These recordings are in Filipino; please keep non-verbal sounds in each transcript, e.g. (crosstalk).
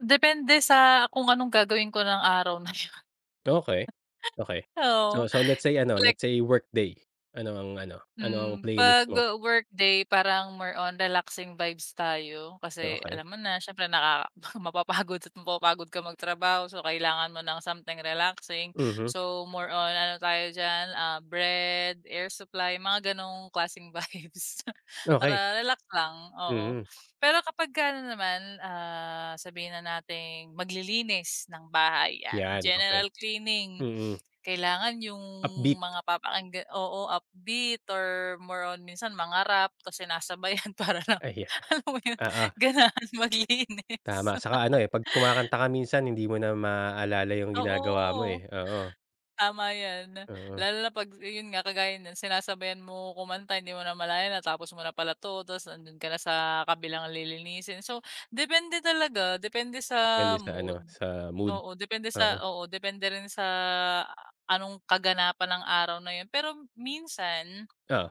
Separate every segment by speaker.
Speaker 1: Depende sa kung anong gagawin ko ng araw na yun.
Speaker 2: Okey, okey,
Speaker 1: (laughs) Oo
Speaker 2: so so let's say ano, let's
Speaker 1: like
Speaker 2: say workday, ano ang ano ano ang
Speaker 1: Hmm,
Speaker 2: playlist
Speaker 1: 'pag
Speaker 2: mo?
Speaker 1: w workday parang more on relaxing vibes tayo
Speaker 2: Oh,
Speaker 1: kasi
Speaker 2: okey.
Speaker 1: alam mo na siyempre nakaka mapapagod at mapapagod ka magtrabaho so kailangan mo ng something relaxing,
Speaker 2: Mhm.
Speaker 1: so more on ano tayo diyan, ah, Bread, Air Supply mga ganong klaseng vibes
Speaker 2: Okey.
Speaker 1: para relax lang oo.
Speaker 2: Mhm.
Speaker 1: Pero kapag ka ano naman, ah, sabihin na nating maglilinis ng bahay yan,
Speaker 2: Yan okey,
Speaker 1: general cleaning,
Speaker 2: mhm.
Speaker 1: kailangan yung
Speaker 2: Upbeat.
Speaker 1: mga papakinggan oo upbeat or more on minsan mga Rap kasi sinasabayan para
Speaker 2: Ay
Speaker 1: alam mo
Speaker 2: (chuckles)
Speaker 1: yun
Speaker 2: oo.
Speaker 1: ganahan maglinis.
Speaker 2: Tama, saka ano eh, pag
Speaker 1: (laughs)
Speaker 2: kumakanta ka minsan hindi mo na maalala yung ginagawa mo
Speaker 1: Oo,
Speaker 2: eh oo.
Speaker 1: tama yan
Speaker 2: Mhm.
Speaker 1: lalo na pag yun nga kagaya ng sinasabayan mo kumanta hindi mo namalayan natapos mo na pala to tas nandun ka na sa kabilang lilinisin so depende talaga depende
Speaker 2: Depende
Speaker 1: sa
Speaker 2: sa ano
Speaker 1: mood
Speaker 2: sa mood,
Speaker 1: oo depende sa
Speaker 2: mhm.
Speaker 1: oo depende rin sa anong kaganapan ng araw na yun pero minsan
Speaker 2: Oh.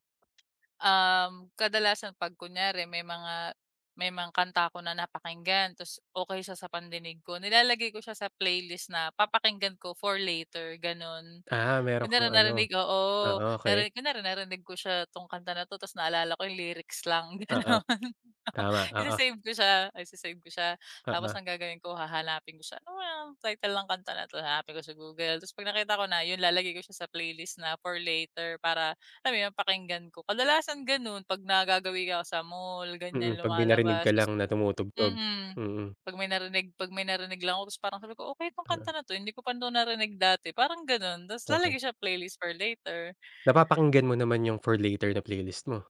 Speaker 1: Um kadalasan pag kunyari may mga may mga kanta ako na napakinggan tas okay siya sa pandinig ko nilalagay ko siya sa playlist na papakinggan ko for later ganon.
Speaker 2: Ah, meron kang
Speaker 1: Kunwari
Speaker 2: ano
Speaker 1: narinig oo
Speaker 2: ah, okay.
Speaker 1: narinig kunwari narinig ko siya tong kanta na to tas naalala ko yung lyrics lang
Speaker 2: Oo,
Speaker 1: ganon,
Speaker 2: tama oo.
Speaker 1: isi-save ko siya isi-save ko siya tapos
Speaker 2: Oo.
Speaker 1: ang gagawin ko hahanapin ko siya ano kayang title ng kanta na to hanapin ko sa Google tas pag nakita ko na, yun lalagay ko siya sa playlist na for later para alam mo yun pakinggan ko, kadalasan ganun pag nagagawi ako sa mall ganyan
Speaker 2: Mhm, pag may narinig
Speaker 1: lumalabas
Speaker 2: ka lang na tumutugtog,
Speaker 1: mhm.
Speaker 2: mhm.
Speaker 1: Pag may narinig pag may narinig lang ako tapos parang sabi ko okay yung kanta
Speaker 2: Hmm.
Speaker 1: na to hindi ko pa to narinig dati parang ganun tas
Speaker 2: Okay.
Speaker 1: lalagay sa playlist for later.
Speaker 2: Napapakinggan mo naman yung for later na playlist mo?